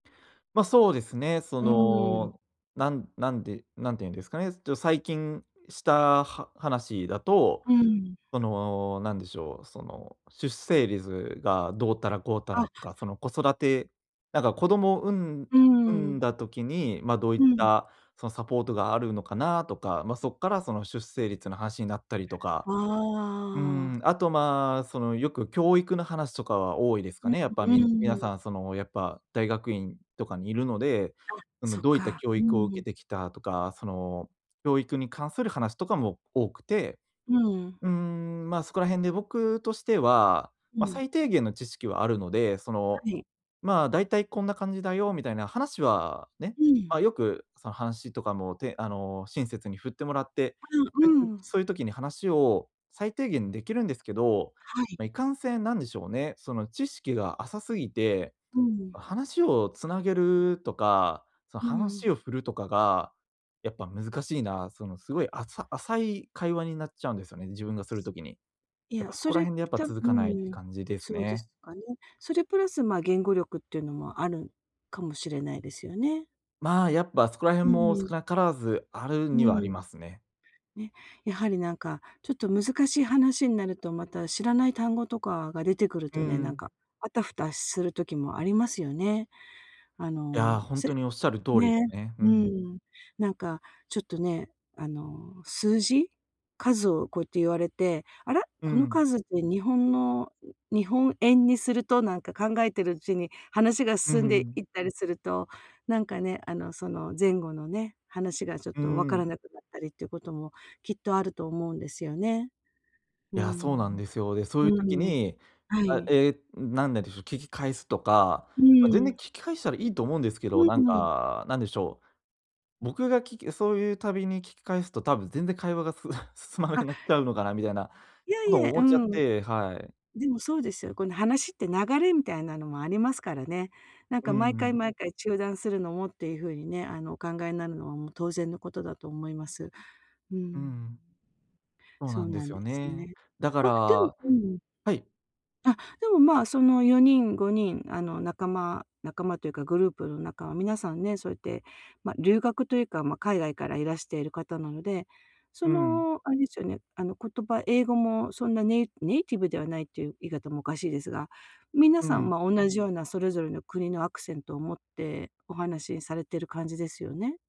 ま、そうですね。そうーん。の、なんなんで、なんて言うんですかね、ちょ、最近した、は話だと、うーん。その、何でしょう、その、出生率がどうたらこうたらあ。とか、その、子育てなんか子供を、産んうー産んん。だ時に、まあ、どういっうん。た、その、サポートがあるのかな？とか、まあ、そっから、その、出生率の話になったりとか。あうーん、あ。あと、まあ、その、よく教育の話とかは多いですかうん、ね、やっぱ、うみん皆ーさん。ん、その、やっぱ大学院とかにいるので、あ、その、そうどういったか。教うー育を受けん。てきたとか、その、教育に関する話とかも多くて、うーん。うーん、ま、そこら辺で僕としては、うま、ん。最低限の知識はあるので、その、はい。まあ「大体こんな感じだよ」みたいな話は、ね、うん。まあ、よく、その話とかも、てあの、親切に振ってもらって、ああ、う [unintelligible] ーん。そういう時に話を最低限できるんですけど、はい。まあ、いかんせん、なんでしょうね、その、知識が浅すぎて、うーん。話を繋げるとか、そのうー話ん。を振るとかが、やっぱ難しいな、その、すごい、浅浅い会話になっちゃうんですよね、自分がする時に。いやっや、ぱ、そそこられ辺でやっぱ多続かないって分感じですそうでね。すかね。それプラス、ま、言語力っていうのもあるかもしれないですよね。まあ、やっぱ、そこらう辺ーも少ん。なからず、あるうにはありーん。ますね。ね、やはり、なんか、ちょっと難しい話んなると、また、知らない単語とかが出てくるうーとね、なんん。か、あたふたする時もありますよね。あいや、の、ほんとせにおっしゃる通りね。すね。ううん。ーん。なんか、ちょっとね、あの、数字？数をこうやって言われて、あら？うーこのん。数って日本の日本円にすると、なんか考えてるうちに話がうー進んでん。いったりすると、なんかね、あの、その前後のね、話がちょっうーと分かん。らなくなったりっていうことも、きっとあると思うんですよね。ういーや、そうなんん。ですよ。で、そういうう時ーん、に、はあ、い。ええ、何ででしょう、聞き返すとか、うまあ、全ー然聞ん。き返したらいいと思うんですけうど、んなんうん。か、何でしょう、僕が聞きそういうたびに聞き返すと、多分全然会話がす 進まなくあ。なっちゃうのかな？みたいないや、こいとをえ、う思ーっちゃっん。てはい。でも、そうですよ。この話って流れみたいなのもありますからね。なんうーか、毎回ん。毎回中断するのもっていうふうにね、あの、お考えなるのは、もう、当然のことだと思います。うーうーん。ん。そうそなうんでなすんよですね。ね。だかま、らでもはうーん。い。あ、でも、まあ、その4人、5人、あの、仲間仲間というかグループの仲は皆さんね、そうやって、ま、留学というか、ま、海外からいらしている方なので、そうん。の、あれですよね、あの、言葉、英語もそんなネイネイティブではないという言い方もおかしいですが、皆うさんん。もおんなじような、それぞれの国のアクセントを持ってお話されてる感じですよね。